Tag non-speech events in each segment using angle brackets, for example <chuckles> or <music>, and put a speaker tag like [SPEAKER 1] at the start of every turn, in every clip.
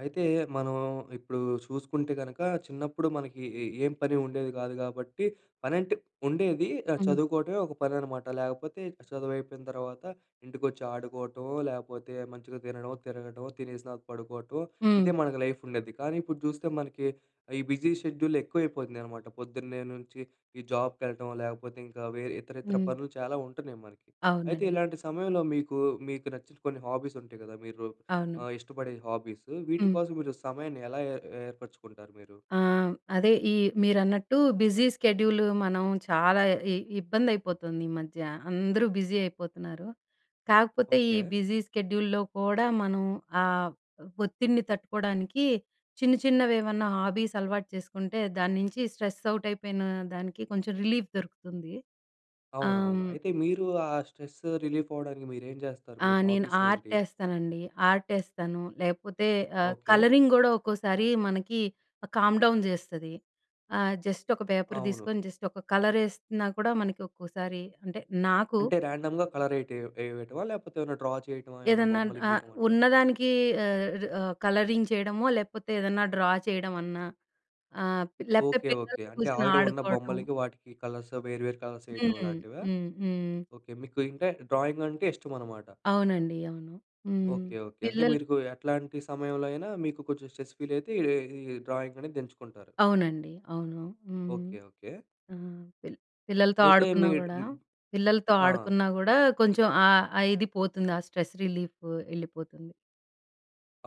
[SPEAKER 1] అయితే మనం ఇప్పుడు చూసుకుంటే గనుక చిన్నప్పుడు మనకి ఏ ఏం పని ఉండేది కాదు కాబట్టి, పనంటే <hiccups> ఉండేది ఆహ్,
[SPEAKER 2] హ్మ్.
[SPEAKER 1] చదువుకోవటమే ఒక పని అన్నమాట. లేకపోతే చదువు అయిపోయిన తర్వాత ఇంటికొచ్చి, ఆడుకోవటమో లేకపోతే మంచిగా తినడమో, తిరగడమో, తినేసినాకా పడుకోవటమో,
[SPEAKER 2] హ్మ్.
[SPEAKER 1] ఇదే మనకు లైఫ్ ఉండేది. కానీ ఇప్పుడు చూస్తే మనకి ఈ బిజీ షెడ్యూల్ ఎక్కువ అయిపోతున్నాయనమాట. పొద్దున్నే నుంచి జాబ్ కెళ్ళడం లేకపోతే, ఇంకా వేరే ఇతరత్రా
[SPEAKER 2] హ్మ్.
[SPEAKER 1] పనులు చాలా ఉంటున్నాయి మనకి. అయితే
[SPEAKER 2] అవునండి.
[SPEAKER 1] ఇలాంటి సమయంలో మీకు, మీకు నచ్చిన కొన్ని హాబీస్ ఉంటాయి కదా! మీరు
[SPEAKER 2] అవును.
[SPEAKER 1] ఆహ్, ఇష్టపడే హాబీస్
[SPEAKER 2] హ్మ్.
[SPEAKER 1] వీటికోసం మీరు సమయాన్ని ఎలా ఏ ఏర్పరుచుకుంటారు మీరు?
[SPEAKER 2] ఆ! అదే ఈ మీరన్నట్టు బిజీ స్కెడ్యూల్ మనం చాలా ఇ ఇబ్బంది అయిపోతోందీమధ్య, అందరూ బిజీ అయిపోతున్నారు. కాకపోతే ఈ
[SPEAKER 1] ఓకే.
[SPEAKER 2] బిజీ స్కెడ్యూల్‌లో కూడా మనం ఆహ్, ఒత్తిడిని తట్టుకోవడానికి, చిన్న చిన్నవి ఏమన్నా హాబీస్ అలవాటు చేసుకుంటే, దాని నుంచి స్ట్రెస్ అవుట్ అయిపోయిన దానికి కొంచెం రిలీఫ్ దొరుకుతుంది.
[SPEAKER 1] అవునవును.
[SPEAKER 2] హ్మ్.
[SPEAKER 1] అయితే మీరు ఆహ్, స్ట్రెస్ రిలీఫ్ అవ్వడానికి మీరేం చేస్తారు?
[SPEAKER 2] ఆ!
[SPEAKER 1] మీ
[SPEAKER 2] నేను
[SPEAKER 1] హాబీస్ ఏంటి?
[SPEAKER 2] ఆర్టేస్తానండి. ఆర్టేస్తాను, లేకపోతే ఆహ్,
[SPEAKER 1] ఓకే.
[SPEAKER 2] కలరింగ్ కూడా ఒక్కోసారి మనకి కామ్ డౌన్ చేస్తది. ఆహ్, జస్ట్ ఒక పేపర్
[SPEAKER 1] అవును.
[SPEAKER 2] తీసుకొని జస్ట్ ఒక కలర్ వేస్తున్నా కూడా మనకి ఒక్కోసారి అంటే నాకు
[SPEAKER 1] అంటే రాండమ్‌గా కలర్ వేయ వేయటమా? లేకపోతే ఏమైనా డ్రా చేయటమా, ఏమైనా
[SPEAKER 2] ఏదన్నా
[SPEAKER 1] బొమ్మలు
[SPEAKER 2] ఆహ్,
[SPEAKER 1] గీయడం అట్లా?
[SPEAKER 2] ఉన్నదానికి ఆహ్, ఆహ్, కలరింగ్ చేయడమో లేకపోతే ఏదన్నా డ్రా చేయడమన్నా ఆహ్, లేకపోతే
[SPEAKER 1] ఓకే, ఓకే.
[SPEAKER 2] పిల్లలతో
[SPEAKER 1] అంటే
[SPEAKER 2] కూర్చొని
[SPEAKER 1] ఆల్రెడీ ఉన్న
[SPEAKER 2] ఆడుకోవటం.
[SPEAKER 1] బొమ్మలకి వాటికి కలర్స్ వేరు వేరు కలర్స్ వేయటం
[SPEAKER 2] హ్మ్,
[SPEAKER 1] లాంటివా?
[SPEAKER 2] హ్మ్, హ్మ్.
[SPEAKER 1] ఓకే. మీకు ఇంకా డ్రాయింగ్ అంటే ఇష్టమన్నమాట.
[SPEAKER 2] అవునండి. అవును. హ్మ్.
[SPEAKER 1] ఓకే. ఓకే. అంటే
[SPEAKER 2] పిల్లలు
[SPEAKER 1] మీరుకు ఏట్లాంటి సమయంలో అయినా మీకు కొంచెం స్ట్రెస్ ఫీల్ అయితే ఈ ఈ డ్రాయింగ్ అనేది ఏంచుకుంటారు.
[SPEAKER 2] అవునండి. అవును. హ్మ్.
[SPEAKER 1] ఓకే. ఓకే.
[SPEAKER 2] హ్మ్. పిల్ పిల్లలతో
[SPEAKER 1] అయితే మీ
[SPEAKER 2] ఆడుకున్నా కూడా,
[SPEAKER 1] హ్మ్.
[SPEAKER 2] పిల్లలతో
[SPEAKER 1] ఆ!
[SPEAKER 2] ఆడుకున్నా కూడా కొంచెం ఆహ్, ఆహ్, ఇది పోతుంది, ఆహ్, స్ట్రెస్ రిలీఫ్ వెళ్ళిపోతుంది.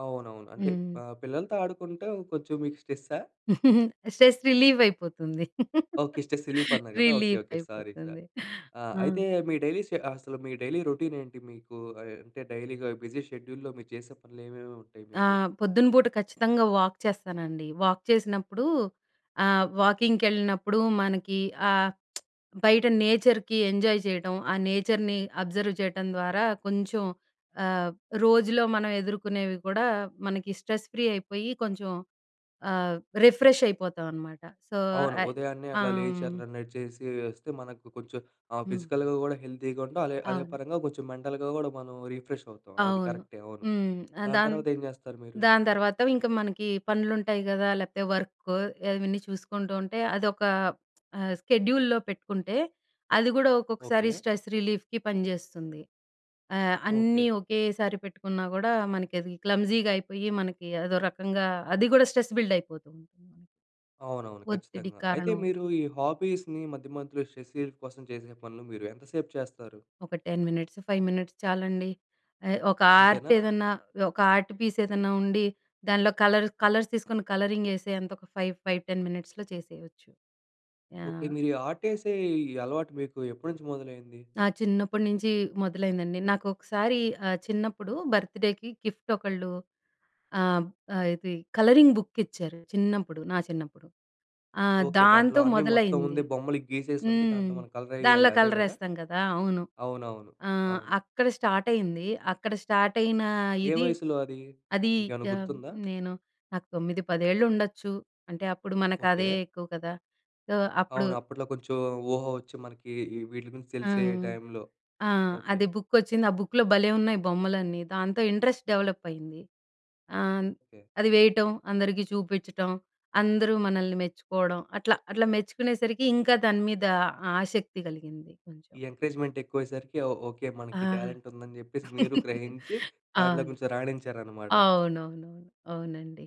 [SPEAKER 1] అవునవును. అంటే
[SPEAKER 2] హ్మ్.
[SPEAKER 1] ఆహ్, పిల్లలతో ఆడుకుంటే, కొంచెం మీకు స్ట్రెస్సా?
[SPEAKER 2] <chuckles> స్ట్రెస్ రిలీఫైపోతుంది.
[SPEAKER 1] ఓకే. స్ట్రెస్ రిలీఫన్నా గదా? ఓకే. ఓకే. సారీ సా
[SPEAKER 2] రిలీఫైపోతుంది.
[SPEAKER 1] ఆహ్,
[SPEAKER 2] ఆ!
[SPEAKER 1] అయితే, మీ డైలీ షె అసలు మీ డైలీ రొటీనేంటి? మీకు ఆయ్, అంటే, డైలీగా బిజీ షెడ్యూల్‌లో, మీరు చేసే పనులేమేముంటాయి
[SPEAKER 2] ఆ!
[SPEAKER 1] మీకు?
[SPEAKER 2] పొద్దున పూట ఖచ్చితంగా వాక్ చేస్తానండి. వాక్ చేసినప్పుడు, ఆహ్, వాకింగ్‌కెళ్ళినప్పుడు, మనకీ ఆహ్, <smacks lips> బయట నేచర్‌కి ఎంజాయ్ చేయటం, ఆ నేచర్‌ని, అబ్జర్వ్ చేయటం ద్వారా, కొంచెం ఆహ్, రోజులో మనం ఎదుర్కొనేవి కూడా, మనకి స్ట్రెస్ ఫ్రీ అయిపోయి, కొంచెం ఆహ్, రిఫ్రెషైపోతాం అనమాట. సో
[SPEAKER 1] అవును.
[SPEAKER 2] అయ్
[SPEAKER 1] ఉదయాన్నే
[SPEAKER 2] ఆ!
[SPEAKER 1] అట్లా లేచి,
[SPEAKER 2] హ్మ్.
[SPEAKER 1] అట్లా నడిచేసి ఒస్తే, మనకు కొంచెం ఆహ్,
[SPEAKER 2] హ్మ్.
[SPEAKER 1] ఫిజికల్‌గా గూడా హెల్తీగా ఉంటాం, అలే అదే
[SPEAKER 2] అవును.
[SPEAKER 1] పరంగా కొంచెం మెంటల్‌గా గూడా మనం, రిఫ్రెషవుతాం. అది
[SPEAKER 2] అవును.
[SPEAKER 1] కరెక్టే, అవును.
[SPEAKER 2] హ్మ్. అ
[SPEAKER 1] దాని
[SPEAKER 2] దాన్
[SPEAKER 1] తర్వాతేం జేస్తారు మీరు?
[SPEAKER 2] దాని తర్వాత, ఇంక మనకి పనులు ఉంటాయి కదా! లేపోతే వర్కో ఇవన్నీ చూసుకుంటూ ఉంటే, అదొక ఆహ్, స్కెడ్యూల్లో పెట్టుకుంటే, అది గూడా ఒక్కొక్కసారి
[SPEAKER 1] ఓకే.
[SPEAKER 2] స్ట్రెస్ రిలీఫ్‌కి పనిచేస్తుంది. ఆహ్,
[SPEAKER 1] ఓకే.
[SPEAKER 2] అన్నీ ఒకేసారి పెట్టుకున్నా గూడా, మనకది క్లమ్జీగా అయిపోయి, మనకి అదో రకంగా, అది కూడా స్ట్రెస్ బిల్డయిపోతుంది.
[SPEAKER 1] అవునవును.
[SPEAKER 2] ఒత్తిడి
[SPEAKER 1] ఖచ్చితంగా. అయితే
[SPEAKER 2] కారణం.
[SPEAKER 1] మీరు ఈ హాబీస్‌ని, మధ్యమధ్యలో స్ట్రెస్ రిలీఫ్ కోసం చేసే పనులు మీరు, ఎంతసేపు చేస్తారు?
[SPEAKER 2] ఒక 10 మినిట్సు, 5 మినిట్స్ చాలండి. ఎ, ఒక ఆర్ట్
[SPEAKER 1] అంతేనా?
[SPEAKER 2] ఎదన్నా, ఒక ఆర్ట్ పీస్ ఎదన్నా ఉండి, దానిలో కలరు కలర్స్ తీసుకొని, కలరింగ్ ఎసే అంతొక 5, 5, 10 మినిట్స్‌లో చేసేయొచ్చు.
[SPEAKER 1] ఓకే.
[SPEAKER 2] యాహ్!
[SPEAKER 1] మీరీ ఆర్ట్ ఎసే ఈ అలవాటు మీకు, ఎప్పడి నుంచి మొదలైంది?
[SPEAKER 2] నా చిన్నప్పడి నుంచి మొదలైందండి. నాకొకసారి ఆహ్, చిన్నప్పుడు బర్త్‌డేకి గిఫ్ట్ ఒకళ్ళు ఆం ఆహ్, ఇది కలరింగ్ బుక్ ఇచ్చారు. చిన్నప్పుడు, నా చిన్నప్పుడు. ఆహ్,
[SPEAKER 1] ఓకే. దాంట్లో
[SPEAKER 2] దాంతో
[SPEAKER 1] అన్నీ మొత్తం ఉంది,
[SPEAKER 2] మొదలైంది.
[SPEAKER 1] బొమ్మలు గీసేసి ఉంటే,
[SPEAKER 2] హ్మ్.
[SPEAKER 1] దాంట్లో మనం కలరెయ్యాలి
[SPEAKER 2] దానిలో
[SPEAKER 1] అదే గదా?
[SPEAKER 2] కలరేస్తాం గదా! అవును.
[SPEAKER 1] అవునవును.
[SPEAKER 2] ఆహ్,
[SPEAKER 1] అవును.
[SPEAKER 2] అక్కడ స్టార్ట్ అయింది, అక్కడ స్టార్ట్ అయినా
[SPEAKER 1] ఏ
[SPEAKER 2] ఇది,
[SPEAKER 1] వయసులో అది?
[SPEAKER 2] అదీ
[SPEAKER 1] మీకేమన్నా
[SPEAKER 2] యాహ్,
[SPEAKER 1] గుర్తుందా?
[SPEAKER 2] నేను, నాకు 9, పదేళ్లుండొచ్చు, అంటే, అప్పుడు మనకు అదే
[SPEAKER 1] ఓకే.
[SPEAKER 2] ఎక్కువ కదా! సొ అప్పుడు
[SPEAKER 1] అవును. అప్పట్లో కొంచెం, ఊహ ఒచ్చి మనకీ, ఈ వీట్లి గురించి
[SPEAKER 2] ఆ!
[SPEAKER 1] తెలిసే టైంలో.
[SPEAKER 2] ఆ!
[SPEAKER 1] ఓకే.
[SPEAKER 2] అది బుక్కొచ్చింది, ఆ బుక్‌లో భలే ఉన్నాయి బొమ్మలన్నీ. దాంతో ఇంట్రెస్ట్ డెవలప్ అయింది. ఆన్
[SPEAKER 1] కే.
[SPEAKER 2] అది వేయటం, అందరికి చూపిచ్చటం, అందరూ మనల్ని మెచ్చుకోడం, అట్లా, అట్లా మెచ్చుకునేసరికి, ఇంకా దాని మీద ఆసక్తి కలిగింది కొంచం.
[SPEAKER 1] ఈ ఎంకరేజ్మెంట్ ఎక్కువయ్యేసరికి ఓ ఓకే
[SPEAKER 2] ఆ!
[SPEAKER 1] మనకి టాలెంట్ ఉందని చెప్పేసి మీరు
[SPEAKER 2] <giggles>
[SPEAKER 1] గ్రహించి, దాంట్లో
[SPEAKER 2] అవును.
[SPEAKER 1] కొంచెం రాణించారనమాట.
[SPEAKER 2] అవునవునవును. అవునండి.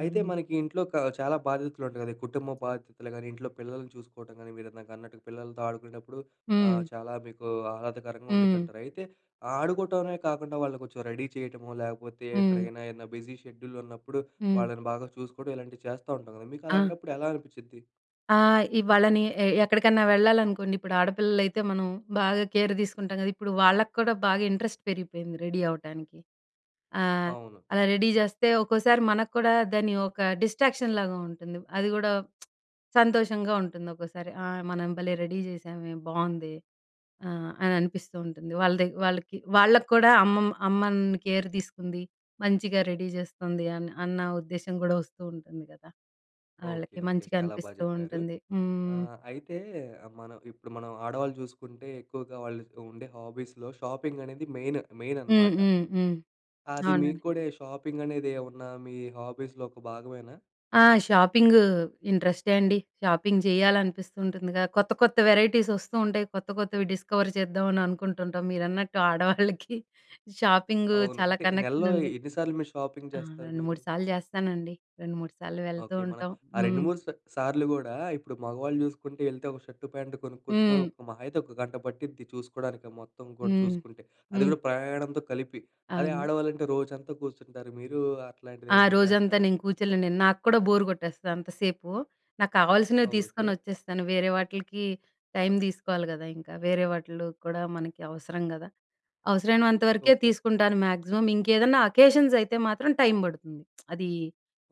[SPEAKER 1] అయితే, మనకి ఇంట్లోక చాలా బాధ్యతలుంటాయి గదా! కుటుంబ బాధ్యతలు గాని, ఇంట్లో పిల్లల్ని చూసుకోవటం గాని, మీరు ఇందాక అన్నట్టుగా, పిల్లలతో ఆడుకునేటప్పుడు ఆహ్,
[SPEAKER 2] హ్మ్.
[SPEAKER 1] చాలా మీకు ఆహ్లాదకరంగా
[SPEAKER 2] హ్మ్.
[SPEAKER 1] ఉండిద్దంటారు. అయితే, ఆడుకోవటమే కాకుండా, వాళ్ళుని కొంచెం రెడీ చేయటమో, లేకపోతే
[SPEAKER 2] హ్మ్.
[SPEAKER 1] ఎక్కడికైనా, ఏదన్నా బిజీ షెడ్యూల్ ఉన్నప్పుడు,
[SPEAKER 2] హ్మ్.
[SPEAKER 1] వాళ్ళని బాగా చూసుకోవడం, ఇలాంటివి చేస్తూ ఉంటాం గదా?
[SPEAKER 2] ఆ!
[SPEAKER 1] మీకలాంటప్పుడు ఎలా అనిపిచిద్ది?
[SPEAKER 2] ఆ! ఇ వాళ్ళని ఆహ్, ఎక్కడికన్నా వెళ్ళాలనుకోండి, ఇప్పుడు ఆడపిల్లలైతే మనం బాగా కేర్ తీసుకుంటాం కదా, ఇప్పుడు వాళ్ళకి కూడా బాగా ఇంట్రెస్ట్ పెరిగిపోయింది రెడీ అవ్వటానికి. ఆహ్,
[SPEAKER 1] అవును.
[SPEAKER 2] అలా రెడీ చేస్తే, ఒక్కోసారి మనకు కూడా దాన్ని ఒక డిస్ట్రాక్షన్ లాగా ఉంటుంది. అది కూడా <smacks lips> సంతోషంగా ఉంటుంది. ఒక్కోసారి. ఆహ్, మనం భలే రెడీ చేశామే, బాగుంది ఆహ్, అని అనిపిస్తూ ఉంటుంది. వాళ్ళ ద వాళ్ళకి, వాళ్ళకి కూడా అమ్మ, అమ్మ నన్ను కేర్ తీసుకుంది మంచిగా రెడీ చేస్తుంది అన్న, అన్న ఉద్దేశ్యం కూడా వస్తూ ఉంటుంది కదా.
[SPEAKER 1] ఓకే.
[SPEAKER 2] వాళ్ళకి
[SPEAKER 1] ఓకే.
[SPEAKER 2] మంచిగా
[SPEAKER 1] చాలా బాగా
[SPEAKER 2] అనిపిస్తూ
[SPEAKER 1] చెప్పారు.
[SPEAKER 2] ఉంటుంది. హ్మ్.
[SPEAKER 1] ఆహ్, అయితే మనం ఇప్పుడు మనం ఆడవాళ్ళు చూసుకుంటే, ఎక్కువగా వాళ్ళు ఉండే హాబీస్‌లో షాపింగ్ అనేది మెయిన్ మెయిన్
[SPEAKER 2] హ్మ్.
[SPEAKER 1] అనమాట.
[SPEAKER 2] హ్మ్. హ్మ్.
[SPEAKER 1] అది మీకు
[SPEAKER 2] అవునండి.
[SPEAKER 1] కూడా ఈ షాపింగ్ అనేది ఏమన్నా మీ హాబీస్‌లో ఒక భాగమేనా?
[SPEAKER 2] ఆ! షాపింగు ఇంటరెస్టే అండి. షాపింగ్ చేయాలనిపిస్తూ ఉంటుందిగా, కొత్త కొత్త వెరైటీస్ వస్తూ ఉంటాయి. కొత్త కొత్తవి డిస్కవర్ చేద్దామని అనుకుంటు ఉంటాం. మీరన్నట్టు ఆడవాళ్ళకి షాపింగు
[SPEAKER 1] అవును.
[SPEAKER 2] చాలా
[SPEAKER 1] అంటే నెలలో
[SPEAKER 2] కనెక్షన్ ఉంది.
[SPEAKER 1] ఎన్ని సార్లు మీరు షాపింగ్
[SPEAKER 2] ఆ!
[SPEAKER 1] చేస్తారు
[SPEAKER 2] రెండు,
[SPEAKER 1] మీరు?
[SPEAKER 2] మూడు సార్లు చేస్తానండి. రెండు మూడు సార్లు వెళ్తూ
[SPEAKER 1] ఓకే. మన
[SPEAKER 2] ఉంటాం.
[SPEAKER 1] ఆ రెండు,
[SPEAKER 2] హ్మ్.
[SPEAKER 1] మూడు స్ సార్లు కూడా ఇప్పుడు మగవాళ్ళు చూసుకుంటే వెళ్తే ఒక షర్ట్ ప్యాంట్ కొనుక్కొచ్చుకొని,
[SPEAKER 2] హ్మ్.
[SPEAKER 1] ఒక మహా అయితే ఒక గంట పట్టిద్ది చూసుకోవడానికి మొత్తం కూడా
[SPEAKER 2] హ్మ్.
[SPEAKER 1] చూసుకుంటే. అది
[SPEAKER 2] హ్మ్.
[SPEAKER 1] కూడా ప్రయాణంతో కలిపి అదే
[SPEAKER 2] అవును.
[SPEAKER 1] ఆడవాళ్ళంటే రోజంతా కూర్చుంటారు. మీరు అట్లాంటిది
[SPEAKER 2] ఆ
[SPEAKER 1] ఏమన్నా
[SPEAKER 2] రోజంతా
[SPEAKER 1] చేస్తారా?
[SPEAKER 2] నేను కూర్చోలేను నేను. నాకు కూడా బోర్ కొట్టేస్తది అంతసేపు. నాకు కావాల్సినవి తీసుకొని
[SPEAKER 1] ఓకే.
[SPEAKER 2] వచ్చేస్తాను. వేరే వాటిలకి టైమ్ తీసుకోవాలి కదా, ఇంకా వేరే వాటిలో కూడా మనకి అవసరం కదా. అవసరమైనంత వరకే
[SPEAKER 1] ఓకే.
[SPEAKER 2] తీసుకుంటాను మ్యాక్సిమం. ఇంకేదన్నా అకేషన్స్ అయితే మాత్రం టైమ్ పడుతుంది. <smacks lips> అది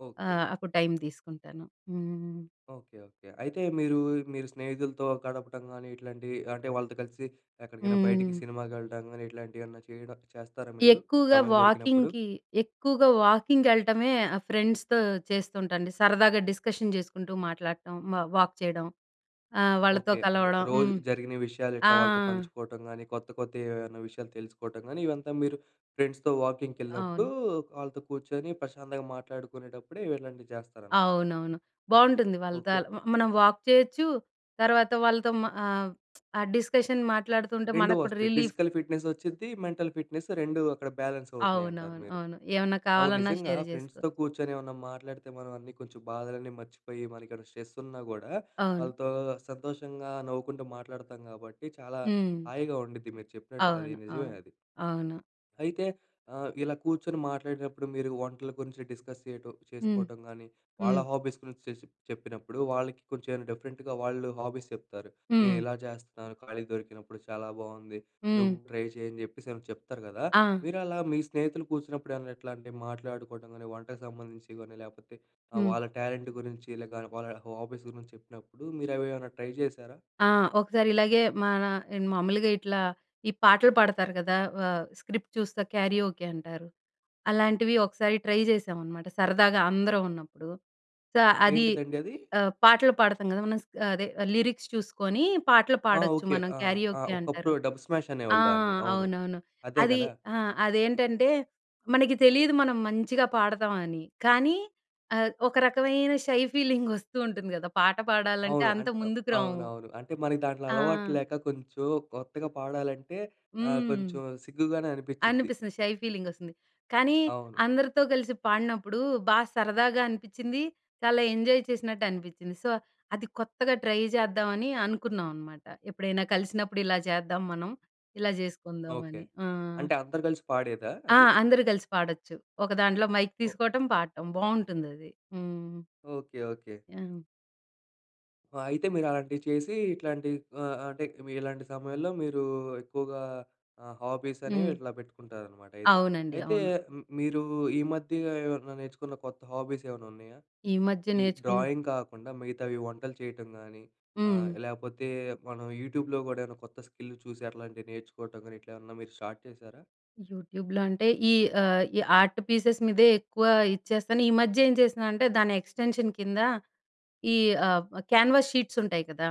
[SPEAKER 1] ఓకే.
[SPEAKER 2] ఆహ్, అప్పుడు టైమ్ తీసుకుంటాను. హ్మ్.
[SPEAKER 1] ఓకే. ఓకే. అయితే మీరు, మీరు స్నేహితులతో గడపటం కాని, ఇట్లాంటివి అంటే వాళ్ళతో కలిసి ఎక్కడికైనా బయటికి,
[SPEAKER 2] హ్మ్.
[SPEAKER 1] సినిమాకి వెళ్ళడం కాని ఇట్లాంటివి ఏమన్నా చేయడం చేస్తారా మీరు?
[SPEAKER 2] ఎక్కువగా
[SPEAKER 1] సమయం దొరికినప్పుడు.
[SPEAKER 2] వాకింగ్‌కి, ఎక్కువగా వాకింగ్‌కెల్లటమే ఆహ్, ఫ్రెండ్స్‌తో చేస్తుంటాండి. సరదాగా డిస్కషన్ చేసుకుంటూ మాట్లాడటం హ్మ్ వాక్ చేయడం, ఆహ్, వాళ్ళతో
[SPEAKER 1] ఓకే. అంటే
[SPEAKER 2] కలవడం.
[SPEAKER 1] రోజు
[SPEAKER 2] హ్మ్,
[SPEAKER 1] జరిగిన విషయాలు
[SPEAKER 2] ఆ!
[SPEAKER 1] ఎట్లా వాళ్ళతో పంచుకోవటం గాని, కొత్త కొత్త ఏమైనా విషయాలు తెలుసుకోవటం గాని, ఇవంతా మీరు ఫ్రెండ్స్‌తో వాకింగ్‌కి వెళ్ళినప్పుడు,
[SPEAKER 2] అవును.
[SPEAKER 1] వాళ్ళతో కూర్చొని ప్రశాంతంగా మాట్లాడుకునేటప్పుడే ఇవి ఇలాంటివి చేస్తారన్నమాట.
[SPEAKER 2] అవునవును. బాగుంటుంది వాళ్ళతో
[SPEAKER 1] ఓకే.
[SPEAKER 2] అలా మనం వాక్ చేయొచ్చు. తర్వాత వాళ్ళతో హ్మ్, ఆహ్, ఆ డిస్కషన్ మాట్లాడుతుంటే
[SPEAKER 1] 2
[SPEAKER 2] మనకు కూడా
[SPEAKER 1] వస్తాయి
[SPEAKER 2] రిలీఫ్.
[SPEAKER 1] ఫిజికల్ ఫిట్‍నెస్ వచ్చిద్ది. మెంటల్ ఫిట్‍నెస్ 2 అక్కడ బ్యాలెన్స్ అవుతున్నాయి అంటారు
[SPEAKER 2] అవునవును.
[SPEAKER 1] మీరు.
[SPEAKER 2] అవును. ఏమన్నా
[SPEAKER 1] అవును
[SPEAKER 2] కావాలన్నా
[SPEAKER 1] నిజంగా
[SPEAKER 2] షేర్ చేసుకో
[SPEAKER 1] ఫ్రెండ్స్‌తో కూర్చొని ఏమన్నా మాట్లాడితే, మనం అన్నీ కొంచెం బాధలన్నీ మర్చిపోయి, మన ఇక్కడ స్ట్రెస్ ఉన్నా కూడా
[SPEAKER 2] అవును.
[SPEAKER 1] వాళ్ళతో సంతోషంగా నవ్వుకుంటూ మాట్లాడుతాం కాబట్టి, చాలా
[SPEAKER 2] హ్మ్.
[SPEAKER 1] హాయిగా ఉండుద్ది. మీరు చెప్పినట్టు అది
[SPEAKER 2] అవును.
[SPEAKER 1] నిజమే
[SPEAKER 2] అవును.
[SPEAKER 1] అది.
[SPEAKER 2] అవును.
[SPEAKER 1] అయితే ఆహ్, ఇలా కూర్చొని మాట్లాడినప్పుడు, మీరు వంటల గురించి డిస్కస్ చేయటం,
[SPEAKER 2] హ్మ్.
[SPEAKER 1] చేసుకోవటం గానీ, వాళ్ళ
[SPEAKER 2] హ్మ్.
[SPEAKER 1] హాబీస్ గురించి చెస్ చెప్పినప్పుడు వాళ్ళకి కొంచెం డిఫరెంట్‌గా వాళ్ళు హాబీస్ చెప్తారు. నేను
[SPEAKER 2] హ్మ్.
[SPEAKER 1] ఇలా చేస్తున్నాను ఖాళీగా దొరికినప్పుడు. చాలా బాగుంది నువ్వు
[SPEAKER 2] హ్మ్.
[SPEAKER 1] ట్రై చేయి అని చెప్పేసి, ఏమైనా చెప్తారు కదా!
[SPEAKER 2] ఆ!
[SPEAKER 1] మీరు అలా మీ స్నేహితులు కూర్చున్నప్పుడు ఎట్లా, అంటే మాట్లాడుకోవడం కానీ, వంటకు సంబంధించి కాని లేకపోతే ఆహ్,
[SPEAKER 2] హ్మ్.
[SPEAKER 1] వాళ్ళ టాలెంట్ గురించి, లేక వాళ్ళ హాబీస్ గురించి చెప్పినప్పుడు మీరు అవేమన్నా ట్రై చేశారా?
[SPEAKER 2] ఆ! ఒకసారి ఇలాగే మన ఆహ్, మామూలుగా ఇట్లా ఈ పాటలు పాడతారు కదా, ఆహ్, స్క్రిప్ట్ చూస్తే క్యారియోకే అంటారు. అలాంటివి ఒకసారి ట్రై చేశాం అనమాట సరదాగా అందరం ఉన్నప్పుడు. సో, అది
[SPEAKER 1] ఏంటిదండి అది?
[SPEAKER 2] ఆహ్, పాటలు పాడతాం కదా! మనం స అదే లిరిక్స్ చూసుకొని పాటలు
[SPEAKER 1] ఆ!
[SPEAKER 2] పాడొచ్చు
[SPEAKER 1] ఓకే.
[SPEAKER 2] మనం
[SPEAKER 1] ఆ! ఆ!
[SPEAKER 2] క్యారియోకే అంటారు.
[SPEAKER 1] ఒకప్పుడు డబ్ స్మాష్
[SPEAKER 2] ఆ!
[SPEAKER 1] అనేవాళ్ళు దాన్ని అవును.
[SPEAKER 2] అవునవును.
[SPEAKER 1] అదే
[SPEAKER 2] అది
[SPEAKER 1] కదా?
[SPEAKER 2] ఆ! అదేంటంటే మనకి తెలియదు మనం మంచిగా పాడతాం అని. కానీ ఆహ్, ఒక రకమైన షై ఫీలింగ్ వస్తూ ఉంటుంది కదా! పాట పాడాలంటే
[SPEAKER 1] అవును.
[SPEAKER 2] అంత
[SPEAKER 1] అంట్ ఆహ్,
[SPEAKER 2] ముందుకురాము.
[SPEAKER 1] అవునవును. అంటే మన దాంట్లో
[SPEAKER 2] ఆ!
[SPEAKER 1] అలవాటు లేక కొంచెం కొత్తగా పాడాలంటే ఆహ్,
[SPEAKER 2] హ్మ్.
[SPEAKER 1] కొంచెం సిగ్గుగానే అనిపించిద్ది.
[SPEAKER 2] అనిపిస్తుంది షై ఫీలింగ్ వస్తుంది. కానీ
[SPEAKER 1] అవును.
[SPEAKER 2] అందరితో కలిసి పాడినప్పుడు, బాగా సరదాగా అనిపించింది. చాలా ఎంజాయ్ చేసినట్టు అనిపించింది. సో, అది కొత్తగా ట్రై చేద్దామని అనుకున్నాం అనమాట. ఎప్పుడైనా కలిసినప్పుడు ఇలా చేద్దాం మనం, ఇలా
[SPEAKER 1] ఓకే.
[SPEAKER 2] చేసుకుందామని. హ్మ్.
[SPEAKER 1] అంటే అందరు కలిసి పాడేదా
[SPEAKER 2] ఆ!
[SPEAKER 1] అది?
[SPEAKER 2] అందరూ కలిసి పాడొచ్చు. ఒకదాంట్లో మైక్
[SPEAKER 1] ఓహ్
[SPEAKER 2] తీసుకోవటం పాడటం బాగుంటుంది అది. హ్మ్.
[SPEAKER 1] ఓకే. ఓకే.
[SPEAKER 2] ఆ!
[SPEAKER 1] అయితే మీరు అలాంటివి చేసి ఇట్లాంటి ఆ! అంటే ఇలాంటి సమయంలో మీరు ఎక్కువగా ఆ! హాబీస్ అనేవి
[SPEAKER 2] హ్మ్.
[SPEAKER 1] ఇట్లా పెట్టుకుంటారనమాట అయితే.
[SPEAKER 2] అవునండి.
[SPEAKER 1] అయితే
[SPEAKER 2] అవును.
[SPEAKER 1] హ్మ్. మీరు ఈ మధ్య ఏమైనా నేర్చుకున్న కొత్త హాబీస్ ఏమన్నా ఉన్నాయా?
[SPEAKER 2] ఈ మధ్య
[SPEAKER 1] ఈ
[SPEAKER 2] నేర్చుకుని
[SPEAKER 1] డ్రాయింగ్ కాకుండా మిగతావి వంటలు చేయటం గానీ ఆహ్,
[SPEAKER 2] హ్మ్.
[SPEAKER 1] లేకపోతే మనం యూట్యూబ్‍లో కూడా ఏమైనా కొత్త స్కిల్ చూసి అట్లాంటివి నేర్చుకోవటం గాని ఇట్లా ఏమన్నా మీరు స్టార్ట్ చేశారా?
[SPEAKER 2] యూట్యూబ్‍లో అంటే ఈ ఆ! ఈ ఆర్ట్ పీసెస్ మీదే ఎక్కువ ఇచ్చేస్తాను. ఈ మధ్య ఏం చేస్తున్నానంటే దాని ఎక్స్‌టెన్షన్ కింద ఈ ఆ! కేన్వాస్ షీట్స్ ఉంటాయి కదా!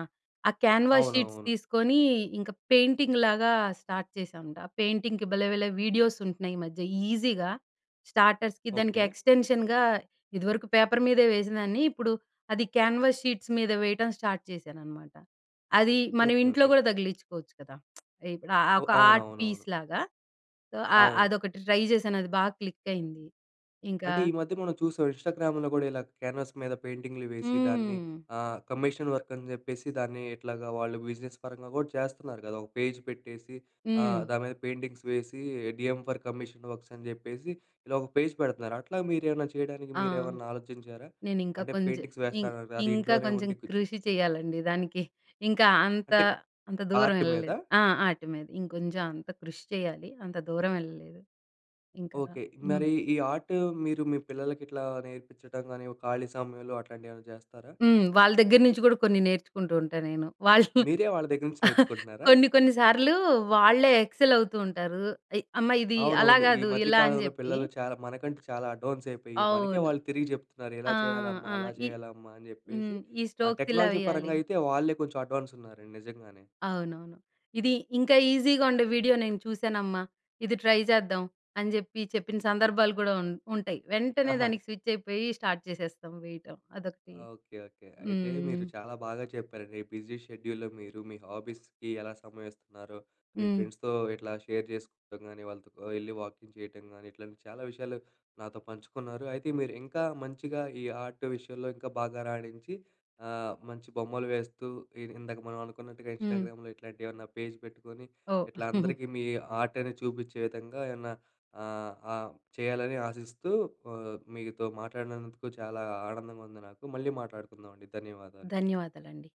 [SPEAKER 2] ఆ క్యాన్వాస్ షీట్స్
[SPEAKER 1] అవునవును.
[SPEAKER 2] తీసుకొని ఇంక పెయింటింగ్ లాగా స్టార్ట్ చేశామండి. పెయింటింగ్‍కి భలే భలే వీడియోస్ ఉంటున్నయి ఈ మధ్య. ఈజీగా స్టార్టర్స్‌కి దానికి
[SPEAKER 1] ఓకే.
[SPEAKER 2] ఎక్స్‌టెన్షన్ ఇదివరకు పేపర్ మీదే వేసిందాన్ని. ఇప్పుడు అది క్యాన్వాస్ షీట్స్ మీద వేయడం స్టార్ట్ చేశాననమాట. అది మనం
[SPEAKER 1] ఓకే.
[SPEAKER 2] ఇంట్లో
[SPEAKER 1] ఓకే.
[SPEAKER 2] కూడా తగిలించుకోవచ్చు కదా! <smacks lips> ఇప్పుడు ఆ! ఆ! ఒక
[SPEAKER 1] ఓహ్!
[SPEAKER 2] ఆర్ట్
[SPEAKER 1] అవునవునవును.
[SPEAKER 2] పీస్‌లాగా. సో, అ
[SPEAKER 1] అవును.
[SPEAKER 2] అదొకటి ట్రై చేశాను అది బాగా క్లిక్ అయింది. ఇంకా
[SPEAKER 1] అంటే ఈ మధ్య మనం చూసాం ఇన్‌స్టాగ్రామ్ కూడా ఇలా క్యాన్వాస్ మీద పెయింటింగ్‌లు వేసి దాన్ని
[SPEAKER 2] హ్మ్.
[SPEAKER 1] ఆ! కమిషన్ వర్క్ అని చెప్పేసి దాన్ని ఎట్లాగా వాళ్ళు బిజినెస్ పరంగా కూడా చేస్తన్నారు కదా, ఒక పేజ్ పెట్టేసి ఆ!
[SPEAKER 2] హ్మ్.
[SPEAKER 1] దాని మీద పెయింటింగ్స్ వేసి డీఎ‌మ్ ఫర్ కమిషన్ వర్క్స్ అని చెప్పేసి ఇలా ఒక పేజ్ పెడుతున్నారు. అట్లా మీరు ఏమైనా చేయడానికి
[SPEAKER 2] ఆ!
[SPEAKER 1] మీరేమన్నా ఆలోచించారా?
[SPEAKER 2] నేను ఇంకా
[SPEAKER 1] అంటే
[SPEAKER 2] కొంచెం
[SPEAKER 1] పెయింటింగ్స్
[SPEAKER 2] ఇం
[SPEAKER 1] వేస్తానన్నారు అది
[SPEAKER 2] ఇంకా
[SPEAKER 1] ఇంట్లోనే
[SPEAKER 2] కొంచెం
[SPEAKER 1] ఉండి కొంచం
[SPEAKER 2] కృషి చేయాలండి దానికి. ఇంకా అంత
[SPEAKER 1] అంటే
[SPEAKER 2] అంత దూరం
[SPEAKER 1] ఆర్ట్ మీదా?
[SPEAKER 2] వెళ్ళలేదు. ఆ! ఆటి మీద ఇంకొంచెం అంత కృషి చేయాలి. అంత దూరం వెళ్ళలేదు ఇంకా
[SPEAKER 1] ఓకే.
[SPEAKER 2] హ్మ్.
[SPEAKER 1] మరి ఈ ఆర్ట్ మీరు మీ పిల్లలకి ఇట్లా నేర్పించడం గాని ఖాళీ సమయంలో అట్లాంటివి ఏమైనా చేస్తారా?
[SPEAKER 2] హ్మ్. వాళ్ళ దగ్గర నుంచి కూడా కొన్ని నేర్చుకుంటూ ఉంటా నేను. వాళ్ళు
[SPEAKER 1] మీరే వాళ్ళ దగ్గర నుంచి
[SPEAKER 2] <laughs>
[SPEAKER 1] నేర్చుకుంటున్నారా?
[SPEAKER 2] కొన్ని కొన్ని సార్లు వాళ్ళే ఎక్సెల్ అవుతూ ఉంటారు. ఇ అమ్మ ఇది అలా
[SPEAKER 1] అవునవును. ఈ
[SPEAKER 2] కాదు
[SPEAKER 1] మధ్య
[SPEAKER 2] ఇలా అని
[SPEAKER 1] కాలంలో
[SPEAKER 2] చెప్పి.
[SPEAKER 1] పిల్లలు చాలా మనకంటే చాలా అడ్వాన్స్ అయిపోయి, మనకే
[SPEAKER 2] అవును.
[SPEAKER 1] వాళ్ళు తిరిగి చెప్తున్నారు. ఇలా
[SPEAKER 2] ఆహ్,
[SPEAKER 1] చేయాలమ్మా,
[SPEAKER 2] ఆ!
[SPEAKER 1] అలా
[SPEAKER 2] ఈ
[SPEAKER 1] చేయాలమ్మా అని చెప్పేసి
[SPEAKER 2] హ్మ్. ఈ
[SPEAKER 1] ఆ
[SPEAKER 2] స్టోక్స్ ఇలా
[SPEAKER 1] టెక్నాలజీ
[SPEAKER 2] వెయ్యాలి.
[SPEAKER 1] పరంగా అయితే వాళ్ళే కొంచెం అడ్వాన్స్ ఉన్నారండి నిజంగానే.
[SPEAKER 2] అవునవును. ఇది ఇంకా ఈజీగా ఉండే వీడియో "నేను చూశానమ్మా. ఇది ట్రై చేద్దాం." అని చెప్పి చెప్పిన సందర్భాలు కూడా ఉం ఉంటాయి. వెంటనే
[SPEAKER 1] ఆహా!
[SPEAKER 2] దానికి స్విచ్ అయిపోయి స్టార్ట్ చేసేస్తాం వేయటం అదొకటి.
[SPEAKER 1] ఓకే. ఓకే. అయితే
[SPEAKER 2] హ్మ్.
[SPEAKER 1] మీరు చాలా బాగా చెప్పారండి. బిజీ షెడ్యూల్‌లో మీరు మీ హాబీస్‌కి ఎలా సమయం ఇస్తున్నారో, మీ
[SPEAKER 2] హ్మ్.
[SPEAKER 1] ఫ్రెండ్స్‌తో ఇట్లా షేర్ చేసుకోవడం కానీ, వాళ్ళతో వెళ్లి వాకింగ్ చేయటం గానీ, ఇట్లాంటి చాలా విషయాలు నాతో పంచుకున్నారు. అయితే మీరు ఇంకా మంచిగా ఈ ఆర్ట్ విషయంలో ఇంకా బాగా రాణించి, ఆహ్! మంచి బొమ్మలు వేస్తూ ఇ ఇందాక మనం అనుకున్నట్టుగా
[SPEAKER 2] హ్మ్.
[SPEAKER 1] ఇన్‌స్టాగ్రామ్‌లో ఇట్లాంటి ఏమన్నా పేజ్ పెట్టుకొని,
[SPEAKER 2] ఓహ్!
[SPEAKER 1] ఇట్లా
[SPEAKER 2] <chuckles>
[SPEAKER 1] అందరికీ మీ ఆర్ట్ అనేది చూపించే విధంగా ఏమన్నా ఆహ్, ఆహ్, చేయాలని ఆశిస్తూ ఆ! మీతో మాట్లాడినందుకు చాలా ఆనందంగా ఉంది నాకు. మళ్ళీ మాట్లాడుకుందాం అండి. ధన్యవాదాలు.
[SPEAKER 2] ధన్యవాదాలండి.